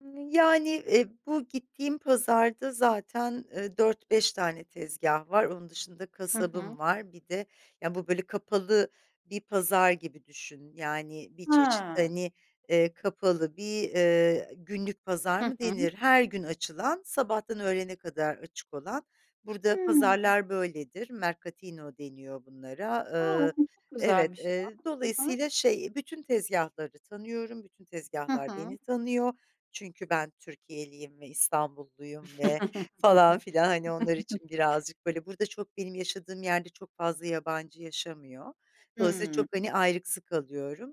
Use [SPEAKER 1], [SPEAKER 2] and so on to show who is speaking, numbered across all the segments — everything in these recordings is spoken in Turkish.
[SPEAKER 1] Iıı, yani, e, bu gittiğim pazarda zaten, ııı, 4-5 tane tezgah var. Onun dışında
[SPEAKER 2] Hı hı.
[SPEAKER 1] kasabım var. Bir de ya, bu böyle kapalı bir pazar gibi düşün; yani bir çeşit,
[SPEAKER 2] He.
[SPEAKER 1] hani, eee, kapalı bir, eee, günlük pazar
[SPEAKER 2] Hı
[SPEAKER 1] mı
[SPEAKER 2] hı.
[SPEAKER 1] denir. Her gün açılan, sabahtan öğlene kadar açık olan; burada
[SPEAKER 2] Hıı.
[SPEAKER 1] pazarlar böyledir. Mercatino deniyor bunlara.
[SPEAKER 2] A,
[SPEAKER 1] Iıı,
[SPEAKER 2] aslında çok
[SPEAKER 1] evet,
[SPEAKER 2] güzelmiş ya.
[SPEAKER 1] eee
[SPEAKER 2] Hı hı.
[SPEAKER 1] dolayısıyla şey, bütün tezgahları tanıyorum, bütün
[SPEAKER 2] Hı
[SPEAKER 1] tezgahlar
[SPEAKER 2] hı.
[SPEAKER 1] beni tanıyor çünkü ben Türkiyeliyim ve İstanbulluyum ve falan filan, Hani onlar için birazcık böyle; burada, çok benim yaşadığım yerde çok fazla yabancı yaşamıyor. Dolayısıyla
[SPEAKER 2] Hıı.
[SPEAKER 1] çok hani ayrıksı kalıyorum.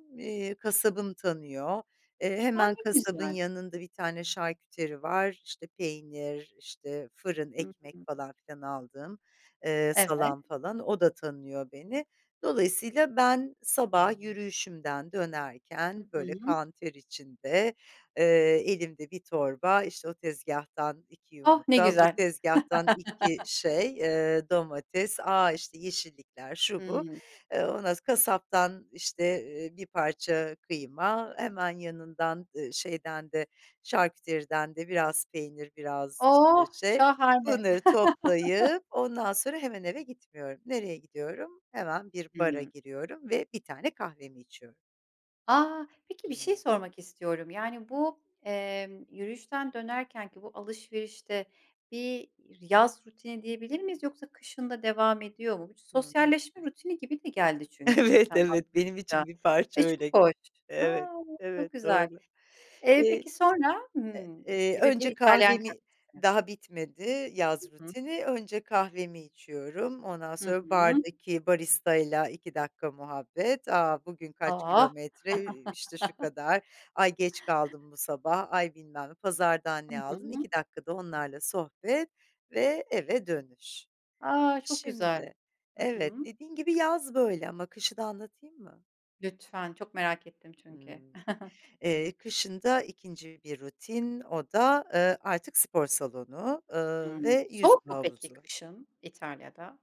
[SPEAKER 1] Kasabım tanıyor, eee,
[SPEAKER 2] A,
[SPEAKER 1] hemen
[SPEAKER 2] ne
[SPEAKER 1] kasabın
[SPEAKER 2] güzel.
[SPEAKER 1] yanında bir tane şarküteri var; işte peynir, işte fırın,
[SPEAKER 2] Hıı,
[SPEAKER 1] ekmek
[SPEAKER 2] hı hı.
[SPEAKER 1] falan filan aldığım, ııı,
[SPEAKER 2] Evet.
[SPEAKER 1] salam falan o da tanıyor beni. Dolayısıyla ben sabah yürüyüşümden
[SPEAKER 2] Hı
[SPEAKER 1] dönerken, böyle
[SPEAKER 2] hı.
[SPEAKER 1] kan ter içinde, eee, elimde bir torba; işte o tezgahtan 2
[SPEAKER 2] Oh, ne
[SPEAKER 1] yumurta, bu
[SPEAKER 2] güzel.
[SPEAKER 1] tezgahtan 2 şey, eee, domates; a, işte yeşillikler, şu bu,
[SPEAKER 2] Hıı.
[SPEAKER 1] eee; ondan sonra kasaptan işte, ııı, bir parça kıyma hemen yanından; ııı, şeyden de, şarküteriden de biraz peynir, biraz işte
[SPEAKER 2] Oh,
[SPEAKER 1] şey...
[SPEAKER 2] şahane.
[SPEAKER 1] Bunları toplayıp, ondan sonra hemen eve gitmiyorum. Nereye gidiyorum? Hemen bir bara
[SPEAKER 2] Hıı.
[SPEAKER 1] giriyorum ve bir tane kahvemi içiyorum.
[SPEAKER 2] A, peki bir şey
[SPEAKER 1] Hımm.
[SPEAKER 2] sormak istiyorum. Yani, bu, emm, yürüyüşten dönerkenki bu alışverişte bir yaz rutini diyebilir miyiz, yoksa kışın da devam ediyor mu? Bu,
[SPEAKER 1] Hı hı.
[SPEAKER 2] sosyalleşme rutini gibi de geldi çünkü
[SPEAKER 1] Evet,
[SPEAKER 2] sen
[SPEAKER 1] evet benim
[SPEAKER 2] anlatınca
[SPEAKER 1] için bir parça
[SPEAKER 2] ve çok
[SPEAKER 1] öyle.
[SPEAKER 2] hoş, a,
[SPEAKER 1] Evet,
[SPEAKER 2] çok
[SPEAKER 1] evet,
[SPEAKER 2] güzel.
[SPEAKER 1] doğru.
[SPEAKER 2] Eee,
[SPEAKER 1] İii,
[SPEAKER 2] peki sonra, hımm, mis
[SPEAKER 1] eee,
[SPEAKER 2] gibi bir
[SPEAKER 1] önce
[SPEAKER 2] İtalyan
[SPEAKER 1] kahvemi;
[SPEAKER 2] kahvesi.
[SPEAKER 1] daha bitmedi
[SPEAKER 2] Hı
[SPEAKER 1] yaz
[SPEAKER 2] hı.
[SPEAKER 1] rutini. Önce kahvemi içiyorum, ondan
[SPEAKER 2] Hı
[SPEAKER 1] sonra
[SPEAKER 2] hı.
[SPEAKER 1] bardaki baristayla 2 dk. muhabbet. A, bugün kaç
[SPEAKER 2] Oh!
[SPEAKER 1] kilometre, i işte şu kadar, ay geç kaldım bu sabah, ay bilmem ne, pazardan
[SPEAKER 2] Hı
[SPEAKER 1] ne aldın...
[SPEAKER 2] hı.
[SPEAKER 1] 2 dk. da onlarla sohbet ve eve dönüş.
[SPEAKER 2] A, çok güzel.
[SPEAKER 1] Şimdi,
[SPEAKER 2] Hı
[SPEAKER 1] evet,
[SPEAKER 2] hı.
[SPEAKER 1] dediğin gibi yaz böyle ama kışı da anlatayım mı?
[SPEAKER 2] Lütfen, çok merak ettim çünkü.
[SPEAKER 1] Hımm, eee, kışın da 2'nci bir rutin o da, ııı, artık spor salonu, ııı,
[SPEAKER 2] Hımm,
[SPEAKER 1] ve
[SPEAKER 2] soğuk
[SPEAKER 1] yüzme
[SPEAKER 2] mu peki
[SPEAKER 1] havuzu.
[SPEAKER 2] kışın, İtalya'da?